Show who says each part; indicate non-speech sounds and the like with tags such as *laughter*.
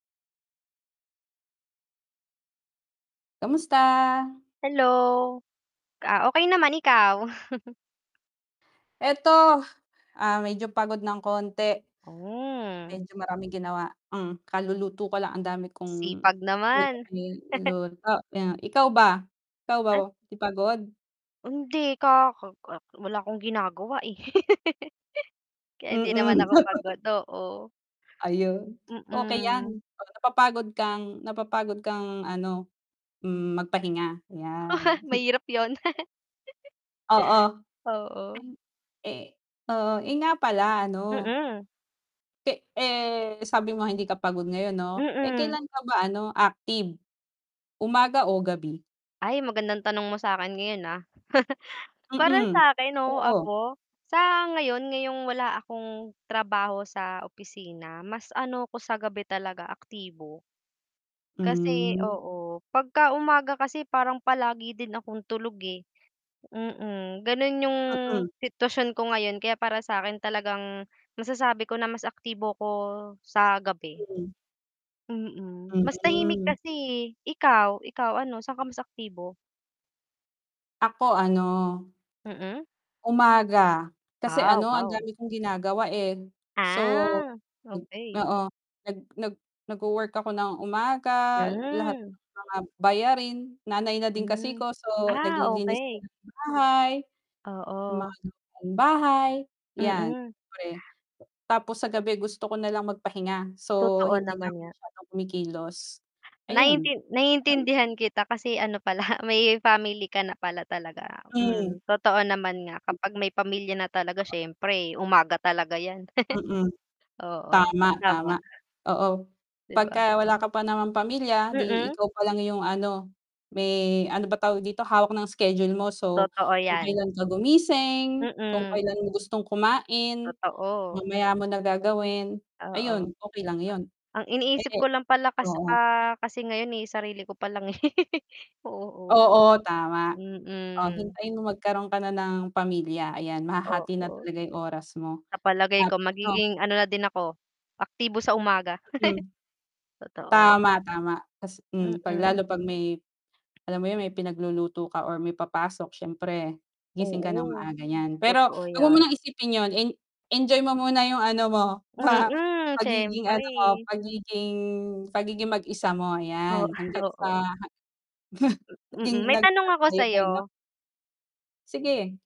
Speaker 1: Kamusta?
Speaker 2: Hello, ah, okey naman, ikaw? *chuckles*
Speaker 1: Eto, ah, medyo pagod ng konti.
Speaker 2: Hmm.
Speaker 1: Medyo maraming ginawa. Um, kaluluto pa lang ang dami kong
Speaker 2: Sipag naman. *chuckles*
Speaker 1: *unintelligible* ikaw ba ikaw ba,
Speaker 2: At
Speaker 1: 'di pagod?
Speaker 2: Hindi ka Wala akong ginagawa, eh. *laughs* Kaya hindi naman
Speaker 1: Mm.
Speaker 2: ako
Speaker 1: *laughs*
Speaker 2: pagod. Oo.
Speaker 1: Ayun, okey yan,
Speaker 2: Mm.
Speaker 1: napapagod kang napapagod kang, ano, mm, magpahinga yan.
Speaker 2: *chuckles* Mahirap yun.
Speaker 1: Oo.
Speaker 2: *chuckles* Oo.
Speaker 1: Ay, eh, oo, eh, nga pala, ano
Speaker 2: Mm.
Speaker 1: Te eh, sabi mo hindi ka pagod ngayon 'no? Eh,
Speaker 2: Mm.
Speaker 1: kailan ka ba, ano, active? Umaga o gabi?
Speaker 2: Ay, magandang tanong mo sa akin ngayon, ah. *chuckles* Para
Speaker 1: Mm,
Speaker 2: sa akin, oo,
Speaker 1: oo.
Speaker 2: ako sa ngayon ngayong wala akong trabaho sa opisina mas, ano, ako sa gabi talaga aktibo. Kasi
Speaker 1: Hmm.
Speaker 2: oo, 'pag ka umaga kasi parang palagi din akong tulog, eh, Mm. Ganun, yung
Speaker 1: Mm.
Speaker 2: sitwasyon ko ngayon. Kaya para sakin talagang masasabi ko na mas aktibo ko sa gabi.
Speaker 1: Hmm.
Speaker 2: Mm, mas tahimik
Speaker 1: Hmm.
Speaker 2: kasi, ikaw, ikaw? ano, saan ka mas aktibo?
Speaker 1: Ako, ano
Speaker 2: Mm.
Speaker 1: umaga kasi,
Speaker 2: Ah,
Speaker 1: ano, ang
Speaker 2: wow.
Speaker 1: dami kong ginagawa eh, so,
Speaker 2: Ah, okey.
Speaker 1: oo nag nag nagwo-work ako ng umaga, lahat
Speaker 2: Hmm.
Speaker 1: ng mga bayarin nanay na din kasi
Speaker 2: Hmm,
Speaker 1: ko, so,
Speaker 2: ah,
Speaker 1: naglilinis ng
Speaker 2: okey.
Speaker 1: bahay, yung
Speaker 2: Oo.
Speaker 1: mga bahay yan,
Speaker 2: Mm.
Speaker 1: kore tapos sa gabi gusto ko nalang magpahinga, so,
Speaker 2: Totoo
Speaker 1: hindi na
Speaker 2: naman
Speaker 1: ako
Speaker 2: nga.
Speaker 1: masyadong kumikilos. Ayun.
Speaker 2: Naintin
Speaker 1: *clears throat*
Speaker 2: naiintindihan kita kasi, ano, pala may family ka na pala talaga.
Speaker 1: Hmm.
Speaker 2: Mhm, totoo naman nga kapag may pamilya na talaga siyempre umaga talaga yan.
Speaker 1: Mm.
Speaker 2: *chuckles* Oo,
Speaker 1: Tama, tama
Speaker 2: tama.
Speaker 1: oo,
Speaker 2: 'Di
Speaker 1: 'pag
Speaker 2: ba?
Speaker 1: ka wala ka pa naman pamilya, 'di
Speaker 2: Mm.
Speaker 1: ikaw pa lang 'yong, ano may, ano, ba tawag dito hawak ng schedule mo, so,
Speaker 2: Totoo
Speaker 1: kung
Speaker 2: yan.
Speaker 1: kailan ka gumising, kung
Speaker 2: Mm.
Speaker 1: kailan mo gustong kumain,
Speaker 2: Totoo.
Speaker 1: mamaya mo na gagawin, ayun.
Speaker 2: Oo.
Speaker 1: Okey lang 'yon.
Speaker 2: Ang iniisip
Speaker 1: *unintelligible*
Speaker 2: ko lang pala kas
Speaker 1: Oo.
Speaker 2: ah, kasi ngayon, eh, sarili ko palang, eh, *laughs* Oo.
Speaker 1: Oo, tama. Oh,
Speaker 2: Mm.
Speaker 1: hintayin mo magkaroon ka na ng pamilya. Ayan, mahahati na
Speaker 2: Oo.
Speaker 1: talaga yung oras mo
Speaker 2: Sa palagay
Speaker 1: at
Speaker 2: ko
Speaker 1: ano
Speaker 2: magiging, ano, na din ako aktibo sa umaga.
Speaker 1: Mm.
Speaker 2: *laughs* Totoo.
Speaker 1: Tama, tama tas, um, 'pag
Speaker 2: Mm.
Speaker 1: lalo pag may alam mo yun may pinagluluto ka or may papasok siyempre gising ka ng
Speaker 2: Oo.
Speaker 1: maaga niyan, pero
Speaker 2: Totoo
Speaker 1: 'wag mo
Speaker 2: yan.
Speaker 1: munang isipin yun, i-enjoy mo muna yung, ano, mo pa
Speaker 2: Mm,
Speaker 1: pagiging, ano, mo,
Speaker 2: siyempre.
Speaker 1: pagiging pagiging mag-isa mo
Speaker 2: O
Speaker 1: ayan hangga't
Speaker 2: oo.
Speaker 1: sa *chuckles*
Speaker 2: Mm,
Speaker 1: Naging
Speaker 2: may
Speaker 1: nag
Speaker 2: tanong ako
Speaker 1: tayo pa, ano.
Speaker 2: sayo.
Speaker 1: Sige.